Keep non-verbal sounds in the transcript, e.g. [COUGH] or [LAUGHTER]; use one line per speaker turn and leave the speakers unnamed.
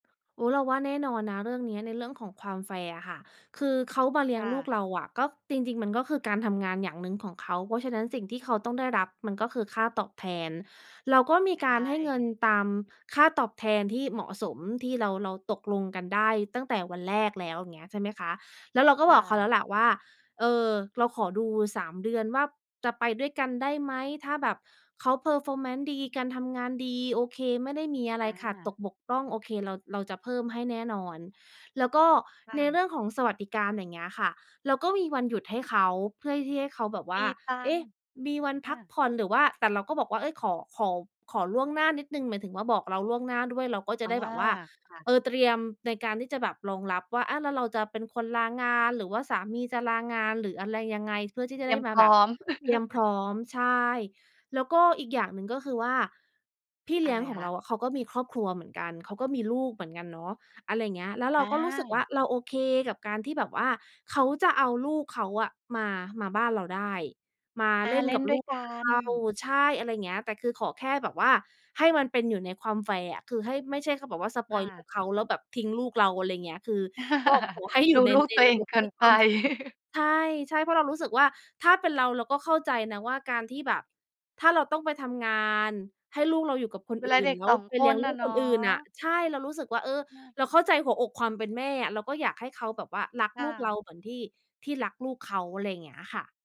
อุ๊ย! เราว่าแน่นอนนะเรื่องนี้ ในเรื่องของความแฟร์อะค่ะ คือเขามาเลี
ค
้ยง
่
ลู
ะ
กเราอะ ก็ จริง ๆ มันก็คือ การทำงานอย่างหนึ่งของเขา เพราะฉะนั้น สิ่งที่เขาต้องได้รับมันก็คือ ค่าตอบแทน เราก็มี
ใช
การให้เงิ
่
นตาม ค่าตอบแทนที่เหมาะสม ที่เรา เราตกลงกันได้ตั้งแต่วันแรกแล้ว เงี้ยใช่ไหมคะ? แล้วเราก็
ค
บ
่
อกเขา
ะ
แล้วแหละว่า เอ่อ เราขอดู 3 เดือนว่า จะไปด้วยกันได้ไหม? ถ้าแบบเขา Performance ดี การทำงานดี โอเค ไม่ได้มีอะไร
อ
ขาดต
า
กบกพร่อง โอเค เรา เราจะเพิ่มให้แน่นอน แล้วก็
ค่
ใน
ะ
เรื่องของสวัสดิการอย่างเงี้ยค่ะ เราก็มีวันหยุดให้เขา เพื่อที่ให้เขาแบบว
ม
่า
ีตั
เอ
ง
๊
ค
ะ!
์
มีวัน
อ
พั
ะ
กผ่อน หรือว่า แต่เราก็บอกว่า เอ๊ย! ขอ ขอ ขอล่วงหน้านิดหนึ่ง หมายถึงว่า บอกเราล่วงหน้าด้วย เราก็จะ
อา
ได้แบบว่า
ค่ะ
เอ่อ เตรียมในการที่จะแบบรองรับว่า อะแล้วเราจะเป็นคนลางาน หรือว่าสามีจะลางาน หรืออะไรยังไง เพื่อที่จ
เ
ะ
ตร
ได
ี
้
ยม
ม
พ
า
ร
แ
้
บ
อ
บ
ม
เตรียมพร
[LAUGHS]
้อม ใช่ แล้วก็อีกอย่างหนึ่งก็คือว่า พี่เ
อ
ล
ะ
ี้ย
ไร
งของ
ค
เ
ะ?
ราอะ เขาก็มีครอบครัวเหมือนกัน เขาก็มีลูกเหมือนกันเนาะ อะไรเงี้ย แล้วเร
อ
าก็รู้สึกว่
า
า เราโอเคกับการที่แบบว่า เขาจะเอาลูกเขาอะ มา มาบ้านเราได้ มา
อ
เ
า
ล่น
เล่
กั
น
บ
ด้
ล
ว
ู
ย
ก
กั
เรา
น
ใช่ อะไรเงี้ย แต่คือขอแค่แบบว่า ให้มันเป็นอยู่ในความแฟร์อะ คือให้ ไม่ใช่เขาบอกว่า สป
ค
อยล์ล
่
ู
ะ
กเขาแล้ว แบบทิ้งลูกเรา อะไรเงี้ย คือ ก็ขอให้อย
[LAUGHS] ด
ู่
ู
ใน
ลูก
ใน
ตัว
ร
เอ
ะ
ง
บบ
เกิ
ให้
น
[UNINTELLIGIBLE]
ไป [CHUCKLES]
ใช่ ใช่ เพราะเรารู้สึกว่า ถ้าเป็นเรา เราก็เข้าใจนะว่า การที่แบบ ถ้าเราต้องไปทำงาน ให้ลูกเราอยู่กับคน
เว
อ
ลา
ื่
เ
น
ด็ก
แล้
ส
ว
อง
ไป
ค
เลี้ย
น
งล
อ
ู
ะ
ก
เน
ค
า
นอื่นน่ะ
ะ
ใช่ เรารู้สึกว่า เออ
น่า
เราเข้าใจหัวอกความเป็นแม่อะ เราก็อยากให้เขาแบบว่า รัก
ค่
ลูกเร
ะ
าเหมือนที่ ที่รักลูกเขา อะไรอย่างเงี้ยค่ะ